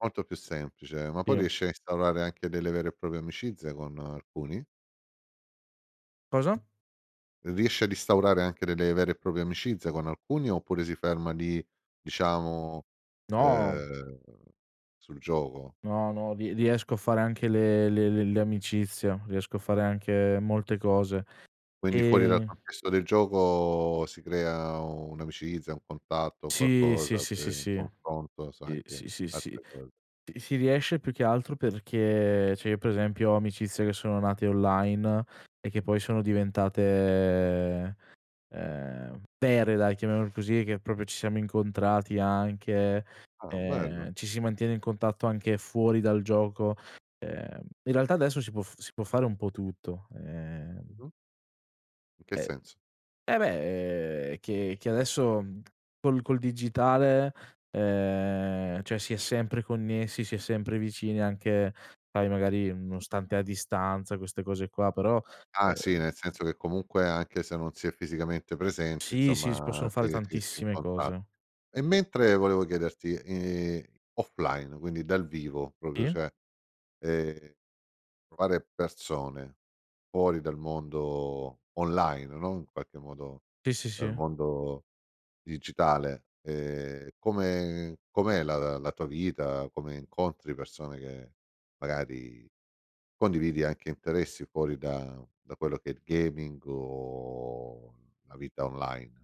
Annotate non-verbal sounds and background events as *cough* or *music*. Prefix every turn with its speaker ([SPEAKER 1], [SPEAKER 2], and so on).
[SPEAKER 1] Molto più semplice, ma
[SPEAKER 2] Sì.
[SPEAKER 1] poi riesci a instaurare anche delle vere e proprie amicizie, con alcuni?
[SPEAKER 2] Cosa?
[SPEAKER 1] Riesci ad instaurare anche delle vere e proprie amicizie con alcuni, oppure si ferma lì, diciamo,
[SPEAKER 2] No.
[SPEAKER 1] ehm, sul gioco?
[SPEAKER 2] No, no, rie riesco a fare anche le le le le amicizie, riesco a fare anche molte cose.
[SPEAKER 1] Quindi fuori dal
[SPEAKER 2] Ehm
[SPEAKER 1] contesto del gioco si crea un'amicizia, un contatto, un
[SPEAKER 2] Sì, sì,
[SPEAKER 1] qualcosa,
[SPEAKER 2] sì, sì,
[SPEAKER 1] per un
[SPEAKER 2] si.
[SPEAKER 1] confronto, sai
[SPEAKER 2] Sì,
[SPEAKER 1] che
[SPEAKER 2] sì, sì, sì.
[SPEAKER 1] altre cose.
[SPEAKER 2] Sì, sì riesce, più che altro perché cioè io per esempio ho amicizie che sono nate online, e che poi sono diventate, ehm, vere dai chiamiamole così, che proprio ci siamo incontrati anche,
[SPEAKER 1] Ah, bello.
[SPEAKER 2] ehm, ci si mantiene in contatto anche fuori dal gioco. Ehm, in realtà adesso si può f si può fare un po' tutto. Ehm
[SPEAKER 1] Mh-mh. In che
[SPEAKER 2] E
[SPEAKER 1] senso?
[SPEAKER 2] eh beh, ehm, che che adesso col col digitale, ehm, cioè si è sempre connessi, si è sempre vicini, anche poi magari nonostante a distanza queste cose qua; però
[SPEAKER 1] Ah sì,
[SPEAKER 2] uhm
[SPEAKER 1] nel senso che comunque anche se non si è fisicamente presenti,
[SPEAKER 2] Sì, sì, si
[SPEAKER 1] insomma
[SPEAKER 2] possono
[SPEAKER 1] ti
[SPEAKER 2] fare
[SPEAKER 1] ti ti
[SPEAKER 2] tantissime
[SPEAKER 1] *unintelligible*
[SPEAKER 2] cose.
[SPEAKER 1] e mentre volevo chiederti, ehm, offline, quindi dal vivo proprio,
[SPEAKER 2] E?
[SPEAKER 1] cioè, ehm, trovare persone fuori dal mondo online, no, in qualche modo
[SPEAKER 2] Sì, sì,
[SPEAKER 1] dal
[SPEAKER 2] sì.
[SPEAKER 1] mondo digitale, ehm, come com'è la la la tua vita, come incontri persone che magari condividi anche interessi fuori da da quello che è il gaming o la vita online?